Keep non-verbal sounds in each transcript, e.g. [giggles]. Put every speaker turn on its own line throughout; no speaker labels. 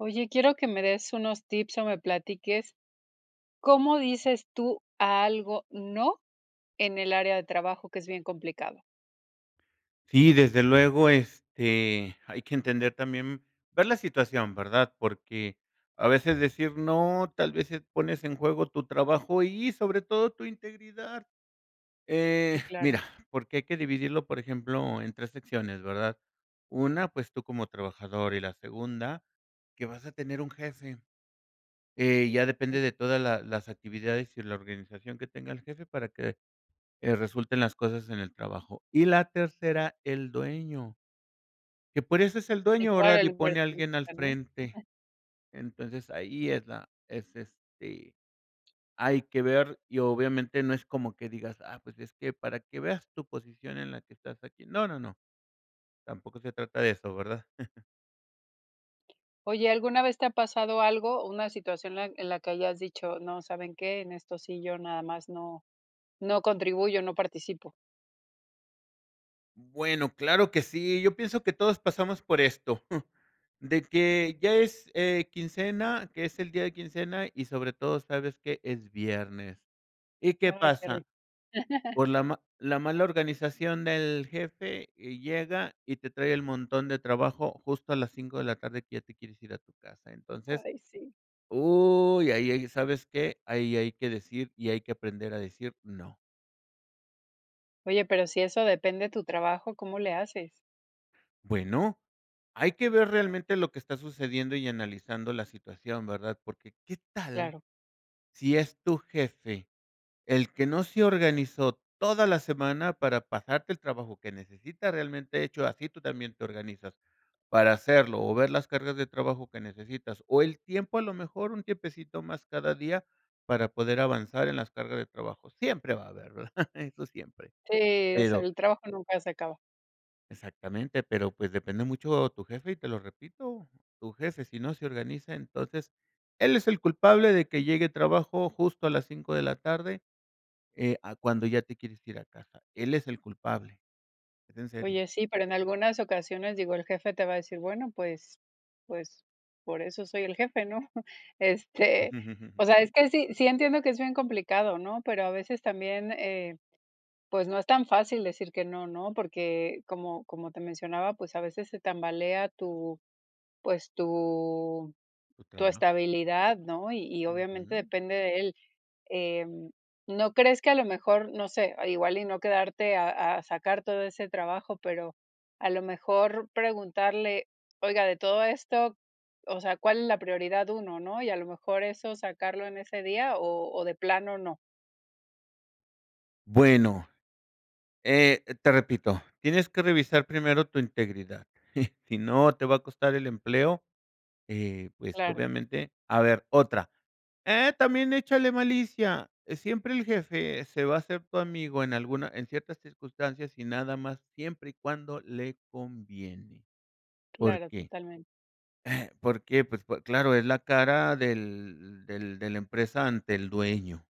Oye, quiero que me des unos tips o me platiques, ¿cómo dices tú a algo, no, en el área de trabajo?, que es bien complicado.
Sí, desde luego, este, hay que entender también ver la situación, ¿verdad?, porque a veces decir no, tal vez, eh, pones en juego tu trabajo y sobre todo tu integridad.
Sí,
Eh,
claro.
mira, porque hay que dividirlo, por ejemplo, en 3 secciones, ¿verdad?, una, pues tú como trabajador, y la segunda, que vas a tener un jefe. Eh, ya depende
Sí.
de toda la las actividades y la organización que tenga el jefe para que, eh, resulten las cosas en el trabajo. Y la tercera, el dueño. Que por eso es el
Sí,
dueño,
claro,
¿verdad?,
el
y pone alguien al
inversionista, ¿no?
frente.
[chuckles]
Entonces, ahí es la es este, hay que ver, y obviamente no es como que digas: "Ah, pues es que para que veas tu posición en la que estás aquí". No, no, no. Tampoco se trata de eso, ¿verdad? [chuckles]
Oye, alguna vez te ha pasado algo, una situación la en la que hayas dicho: "No, ¿saben qué?, en esto sí, yo nada más no, no contribuyo, no participo".
Bueno, claro que sí. Yo pienso que todos pasamos por esto. [shushes] De que ya es, eh, quincena, que es el día de quincena y sobre todo, sabes que, es viernes ¿Y qué
Ay, qué
pasa?
rico. [chuckles]
Por la ma la mala organización del jefe, y llega, y te trae el montón de trabajo justo a las 5 de la tarde que ya te quieres ir a tu casa. Entonces,
Ay, sí.
¿uy, y ahí, sabes qué? Ahí hay que decir, y hay que aprender a decir no.
Oye, pero si de eso depende tu trabajo, ¿cómo le haces?
Bueno. Hay que ver realmente lo que está sucediendo y analizando la situación, ¿verdad? Porque, ¿qué tal,
Claro.
si es tu jefe, el que no se organizó toda la semana, para pasarte el trabajo que necesita?, realmente hecho así tú también te organizas, para hacerlo o ver las cargas de trabajo que necesitas, o el tiempo, a lo mejor un tiempecito más cada día, para poder avanzar en las cargas de trabajo. Siempre va a haber, ¿verdad?, [chuckles] eso siempre.
Sí, es
Pero
el trabajo nunca se acaba.
Exactamente, pero pues, depende mucho tu jefe y te lo repito, tu jefe, si no se organiza, entonces él es el culpable de que llegue trabajo justo a las 5, de la tarde, eh, a cuando ya te quieres ir a casa. Él es el culpable, es en serio.
Oye, sí, pero en algunas ocasiones, digo, el jefe te va a decir: "Bueno, pues pues por eso soy el jefe, ¿no?". Este, o
[chuckles]
sea, es que sí sí, entiendo que es bien complicado, ¿no?, pero a veces también, eh, pues, no es tan fácil decir que no, ¿no?, porque como como te mencionaba, pues, a veces se tambalea tu, pues, tu
Tu
tu
trabajo.
estabilidad, ¿no? Y y obviamente
Ujú.
depende de él. Em, ¿no crees que a lo mejor, no sé igual y no quedarte a a sacar todo ese trabajo, pero a lo mejor preguntarle: "Oiga de todo esto, o sea, ¿cuál es la prioridad 1, no?". Y a lo mejor eso sacarlo en ese día o o de plano, no.
Bueno, eh, te repito, tienes que revisar primero tu integridad. [chuckles] Si no te va a costar el empleo, eh, pues,
Claro.
obviamente, a ver otra eh, también échale malicia. Siempre el jefe se va a ser tu amigo en alguna en ciertas circunstancias y nada más, siempre y cuando le conviene, ¿por
Claro,
qué?,
totalmente.
eh, ¿por qué? Pues, po claro, es la cara del del de la empresa ante el dueño.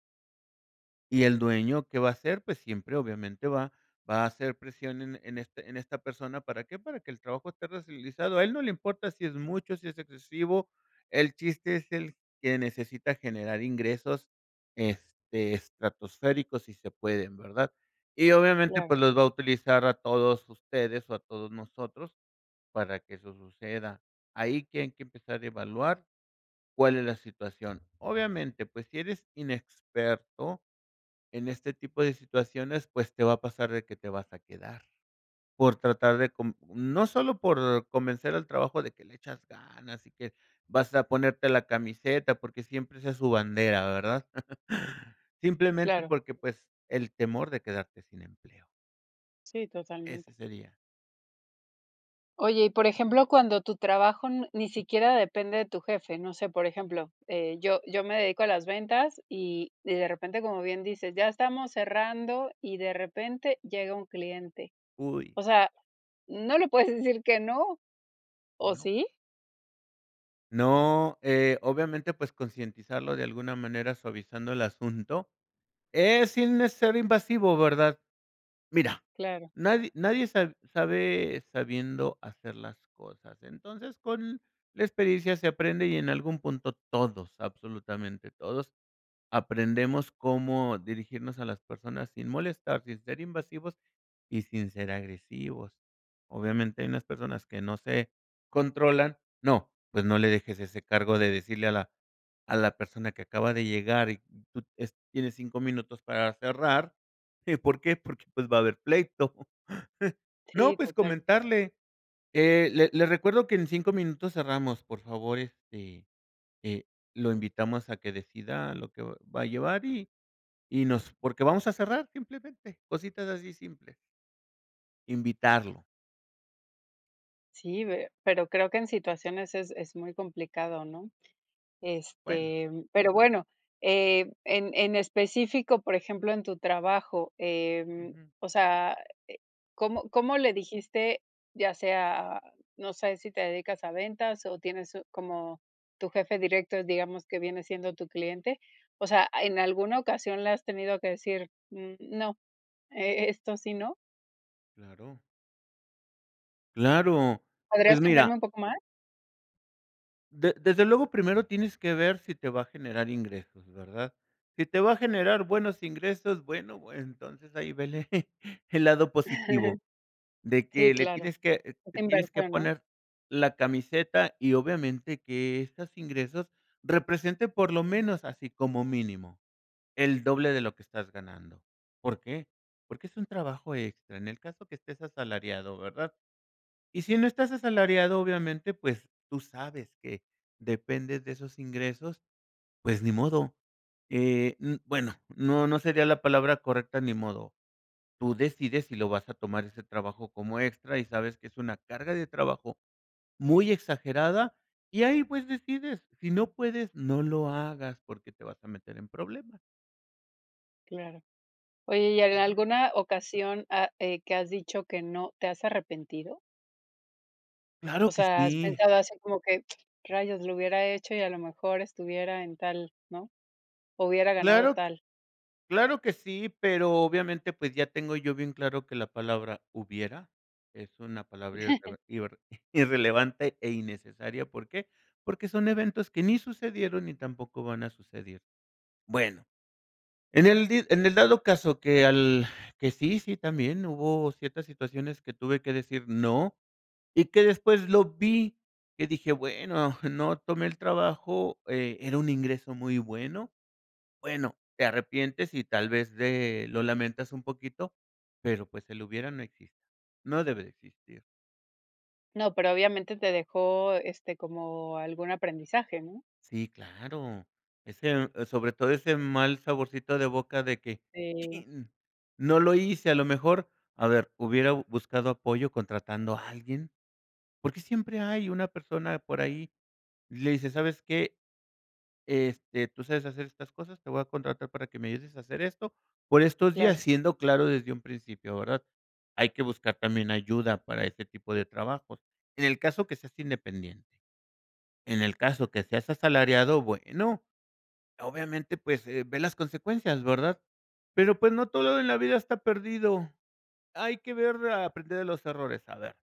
¿Y el dueño que va a hacer? Pues siempre, obviamente va va a hacer presión en en en este en esta persona, ¿para qué? Para que el trabajo esté realizado. A él no le importa si es mucho, si es excesivo. El chiste es el que necesita generar ingresos, este, estratosféricos si se pueden, ¿verdad? Y obviamente,
Claro.
pues los va a utilizar a todos ustedes o a todos nosotros para que eso suceda. Ahí que hay que empezar a evaluar, ¿cuál es la situación? Obviamente, pues si eres inexperto en este tipo de situaciones, pues te va a pasar de que te vas a quedar, por tratar de con no solo por convencer al trabajo de que le echas ganas y que vas a ponerte la camiseta porque siempre esa es su bandera, ¿verdad? [chuckles] Simplemente
Claro.
porque pues el temor de quedarte sin empleo.
Sí,
Ese
totalmente.
sería.
Oye, y por ejemplo, cuando tu trabajo n ni siquiera depende de tu jefe. No sé, por ejemplo, eh, yo yo me dedico a las ventas y y de repente, como bien dices, ya estamos cerrando y de repente llega un cliente.
Uy.
O sea, no le puedes decir que no, ¿o
No.
sí?
No, eh, obviamente, pues, concientizarlo de alguna manera suavizando el asunto, eh, sin ser invasivo, ¿verdad? Mira,
Claro.
nadi nadie sab sabe sabiendo hacer las cosas. Entonces, con la experiencia se aprende y en algún punto todos, absolutamente todos, aprendemos cómo dirigirnos a las personas sin molestar, sin ser invasivos y sin ser agresivos. Obviamente hay unas personas que no se controlan, no, pues, no le dejes ese cargo de decirle a la a la persona que acaba de llegar y tú, es tienes 5, minutos para cerrar, ¿y por qué? Porque, pues, va a haber pleito. [chuckles] No,
Sí,
pues,
total.
comentarle, eh, le le recuerdo que en 5, minutos cerramos, por favor, este, eh, lo invitamos a que decida lo que va a llevar y y nos, porque vamos a cerrar simplemente, cositas así simples. Invitarlo.
Sí ve, pero creo que en situaciones es es muy complicado, ¿no?
Bueno.
Este, mm, pero bueno, eh, en en específico, por ejemplo, en tu trabajo, em,
Ujú.
o sea, eh, ¿cómo cómo le dijiste? ya sea, no sé, si te dedicas a ventas o tienes un, como tu jefe directo. Digamos que viene siendo tu cliente. O sea, ¿en alguna ocasión le has tenido que decir, mm no, e esto sí, no?
Claro. Claro.
¿Podrías
Pues
contarme
mira.
un poco más?
De desde luego, primero tienes que ver si te va a generar ingresos, ¿verdad? Si te va a generar buenos ingresos, bueno, entonces ahí vele [chuckles] el lado positivo. De
Sí,
que le
claro.
tienes que,
Es
te tienes que
inversor, ¿no?
poner la camiseta y obviamente que estos ingresos representen, por lo menos así como mínimo, el doble de lo que estás ganando ¿Por qué? Porque es un trabajo extra. En el caso que estés asalariado, ¿verdad? Y si no estás asalariado, obviamente, pues tú sabes que dependes de esos ingresos. Pues ni modo. Eh, um, bueno, no, no sería la palabra correcta ni modo. Tú decides si lo vas a tomar ese trabajo como extra, y sabes que es una carga de trabajo muy exagerada, y ahí, pues, decides. Si no puedes, no lo hagas, porque te vas a meter en problemas.
Claro. Oye, y en
Ujú.
alguna ocasión, ah, eh, ¿qué has dicho que no, te has arrepentido? O
¡Claro que
sea, ¿has
sí!
pensado, así como que rayos lo hubiera hecho y a lo mejor estuviera en tal, no?, o hubiera ganado
Claro q
tal.
claro que sí, pero obviamente, pues, ya tengo yo bien claro que la palabra hubiera, es una palabra
[chuckles]
irreve irre [chuckles] irrelevante e innecesaria, ¿por qué?, porque son eventos que ni sucedieron ni tampoco van a suceder, bueno. En el di en el dado caso que al que sí sí, también hubo ciertas situaciones que tuve que decir: "No", y que después lo vi y dije: "Bueno, no tomé el trabajo, eh, era un ingreso muy bueno". Bueno, te arrepientes y tal vez, de lo lamentas un poquito, pero, pues, el lo hubiera no existe. No debe de existir.
No, pero obviamente te dejó, este, como algún aprendizaje, ¿no?
Sí, claro. Ese, eh, sobre todo ese mal saborcito de boca de que:
Sí.
"¡Chin!, no lo hice", a lo mejor, a ver, hubiera buscado apoyo contratando a alguien. Por qué siempre hay una persona por ahí le dices: "¿Sabes qué?, este, tú sabes hacer estas cosas. Te voy a contratar para que me ayudes a hacer esto, por estos días",
Claro.
siendo claro desde un principio, ¿verdad? Hay que buscar también ayuda para ese tipo de trabajos, en el caso que seas independiente. En el caso que seas asalariado, bueno, obviamente, pues, eh, ve las consecuencias, ¿verdad?, pero pues, no todo en la vida está perdido. Hay que ver a aprender de los errores, a ver,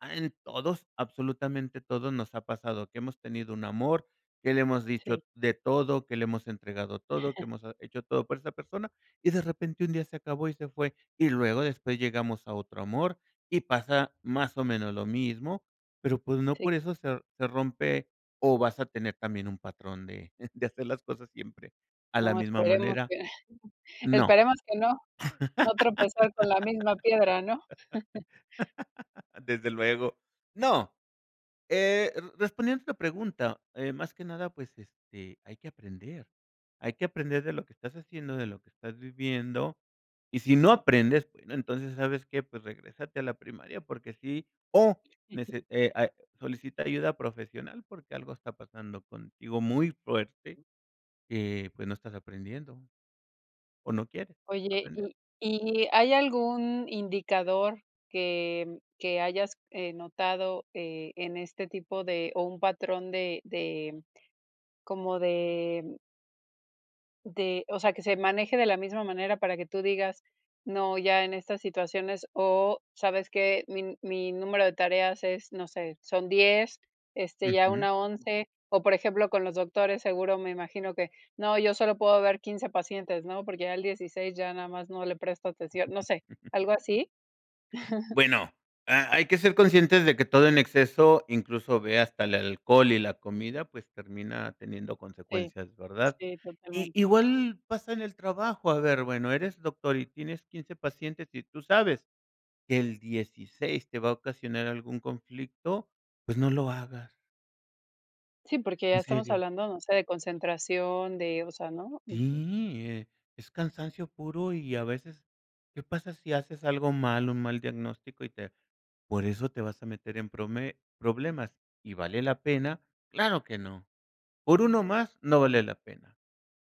ah, en todos, absolutamente todos nos ha pasado que hemos tenido un amor, que le hemos dicho
Sí.
de todo, que le hemos entregado todo, que ha
[chuckles]
hemos hecho todo por esa persona y de repente un día se acabó y se fue, y luego después llegamos a otro amor, y pasa más o menos lo mismo. Pero pues, no
Sí.
por eso se se rompe o vas a tener también un patrón [chuckles] de de hacer las cosas siempre a la
No,
misma
esperemos
manera.
que, [chuckles]
No.
esperemos que no, no tropezar con la misma piedra, ¿no? [chuckles]
[laughs] Desde luego, no, eh, r respondiendo a tu pregunta, eh, más que nada, pues, este, hay que aprender. Hay que aprender de lo que estás haciendo, de lo que estás viviendo, y si no aprendes, bueno, entonces, ¿sabes qué?, pues, regrésate a la primaria porque sí, o nece
[chuckles]
eh, ah, solicita ayuda profesional porque algo está pasando contigo muy fuerte, eh, pues no estás aprendiendo. O no quiere,
Oye,
aprender.
y y, ¿hay algún indicador que que hayas, eh, notado?, eh, en este tipo de, ¿o un patrón?, de de como de De, o sea, que se maneje de la misma manera para que tú digas: "No ya en estas situaciones, o sabes que, mi mi número de tareas es, no sé, son 10, este, ya
Ujú.
una 11". O, por ejemplo, con los doctores, seguro me imagino que, no yo solo puedo ver 15, pacientes, ¿no?, porque ya el 16, ya nada más no le presto atención, no sé,
[chuckles]
¿algo así? [chuckles]
Bueno, ha hay que ser conscientes de que todo en exceso, incluso ve hasta el alcohol y la comida, pues, termina teniendo
Sí,
consecuencias, ¿verdad?
sí,
Y
totalmente.
igual pasa en el trabajo, a ver, bueno, eres doctor y tienes 15, pacientes, y tú sabes, que el 16, te va a ocasionar algún conflicto, pues, no lo hagas.
Sí, porque ya
¿En
estamos
serio?
hablando, no sé, de concentración, de, o sea, ¿no?, ujú.
Sí, eh, es cansancio puro y a veces, ¿qué pasa si haces algo mal, un mal diagnóstico y te por eso te vas a meter en prome problemas?, y, ¿vale la pena?, ¡claro que no!, ¿por uno más?, no vale la pena.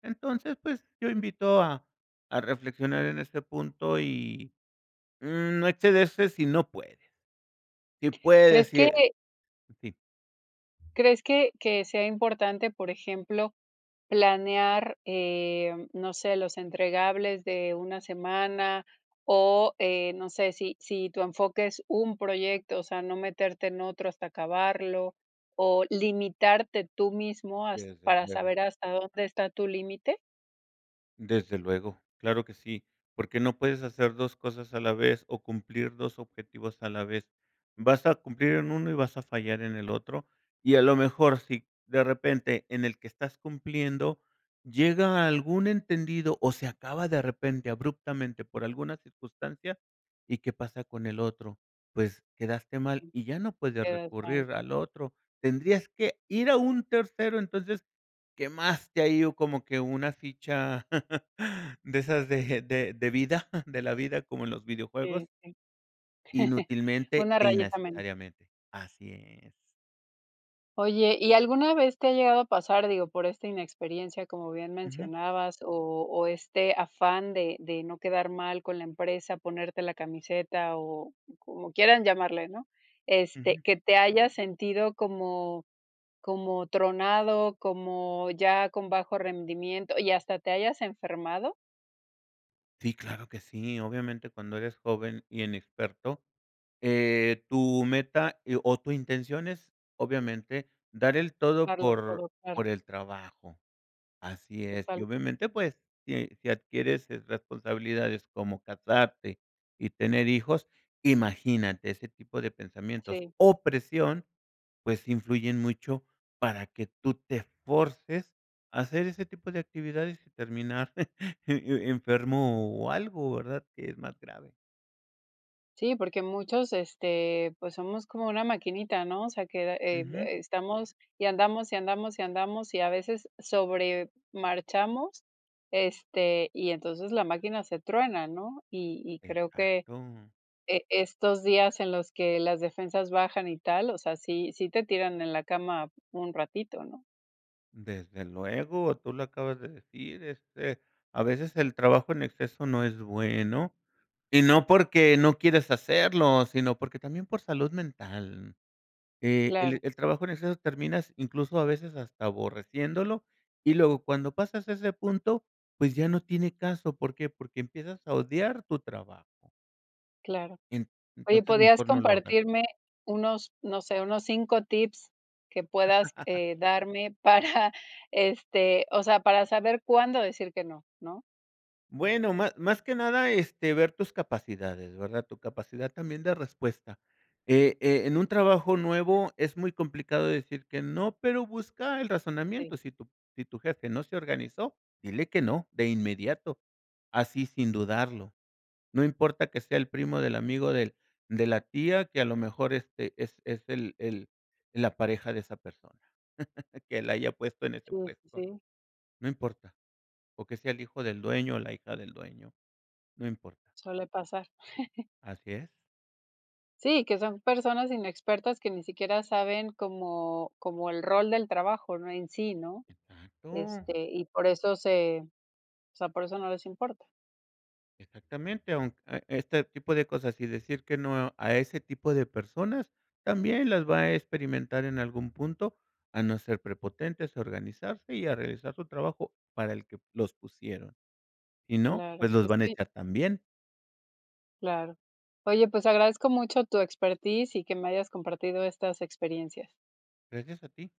Entonces, pues, yo invito a a reflexionar en este punto y, no excederse si no puede. Si puede
¿Crees que
decir, sí.
crees que que sea importante, por ejemplo, planear, eh, no sé, los entregables de una semana?, o, eh, no sé, si si tu enfoque es un proyecto, o sea, ¿no meterte en otro, hasta acabarlo?, o, ¿limitarte tú mismo has
Desde
para
luego.
saber hasta dónde está tu límite?
Desde luego. Claro que sí, porque no puedes hacer 2 cosas a la vez, o cumplir 2 objetivos a la vez. Vas a cumplir en 1 y vas a fallar en el otro, y a lo mejor si de repente en el que estás cumpliendo llega a algún entendido o se acaba de repente abruptamente por alguna circunstancia, ¿y qué pasa con el otro?, pues quedaste mal,
Sí.
y ya no puedes
Quedas mal.
recurrir al otro, tendrías que ir a un tercero. Entonces, quemaste ahí o como que una ficha [chuckles] de esas de de de vida [chuckles] de la vida como en los
Sí,
videojuegos
sí. [chuckles]
inútilmente
Una
e
rayita menos.
innecesariamente. Así es.
Oye, ¿y alguna vez te ha llegado a pasar, digo, por esta inexperiencia, como bien
Ujú.
mencionabas, o o este afán de de no quedar mal con la empresa, ponerte la camiseta o como quieran llamarle, ¿no?, este,
Ujú.
¿que te hayas sentido como como tronado, como ya con bajo rendimiento y hasta te hayas enfermado?
Sí, claro que sí, obviamente, cuando eres joven y inexperto, eh, tu meta e o tu intención es obviamente dar el todo
Darlo
por
todo, claro.
por el trabajo. Así es, y
Totalmente.
obviamente, pues si si adquieres, eh, responsabilidades como casarte y tener hijos, imagínate ese tipo de pensamientos
Sí.
o presión, pues influyen mucho para que tú te forces a hacer ese tipo de actividades, terminar [chuckles] e e enfermo o algo, ¿verdad?, que es más grave.
Sí, porque muchos este pues somos como una maquinita, ¿no? O sea que, eh eh,
Ujú.
estamos y andamos y andamos y andamos y a veces sobre marchamos este y entonces la máquina se truena, ¿no? Y y creo que
Exacto.
eh estos días en los que las defensas bajan y tal, o sea, sí sí te tiran en la cama un ratito, ¿no?
Desde luego, tú lo acabas de decir, este, a veces el trabajo en exceso no es bueno y no porque no quieres hacerlo, sino porque también por salud mental. Eh,
Claro.
el el trabajo en exceso terminas incluso a veces hasta aborreciéndolo y luego cuando pasas a ese punto, pues ya no tiene caso. ¿Por qué? Porque empiezas a odiar tu trabajo.
Claro.
En
Oye,
entonces
¿podrías
mejor no lo hagas.
compartirme unos, no sé, unos 5 tips que puedas,
[laughs]
eh, darme para este, o sea, para saber cuándo decir que no? ¿no?
Bueno, má más que nada, este, ver tus capacidades, ¿verdad? Tu capacidad también de respuesta, eh eh, en un trabajo nuevo, es muy complicado decir que no, pero busca el
Sí.
razonamiento. Si tu si tu jefe no se organizó, dile que no, de inmediato. Así, sin dudarlo. No importa que sea el primo del amigo del de la tía que, a lo mejor este, es es el el, la pareja de esa persona, [chuckles] que la haya puesto en ese
Sí,
puesto,
sí.
no importa. O que sea el hijo del dueño o la hija del dueño, no importa.
Suele pasar. [giggles]
Así es.
Sí, que son personas inexpertas que ni siquiera saben como como el rol del trabajo, ¿no?, en sí, ¿no?
Exacto.
Este, y por eso se, o sea, por eso no les importa.
Exactamente, aunque, este tipo de cosas y decir que no, a ese tipo de personas, también las va a experimentar en algún punto, a no ser prepotentes, a organizarse, y a realizar su trabajo para el que los pusieron. Si no,
Claro,
pues los
pues
van a
sí.
echar también.
Claro. Oye, pues, agradezco mucho tu expertise y que me hayas compartido estas experiencias.
Gracias a ti.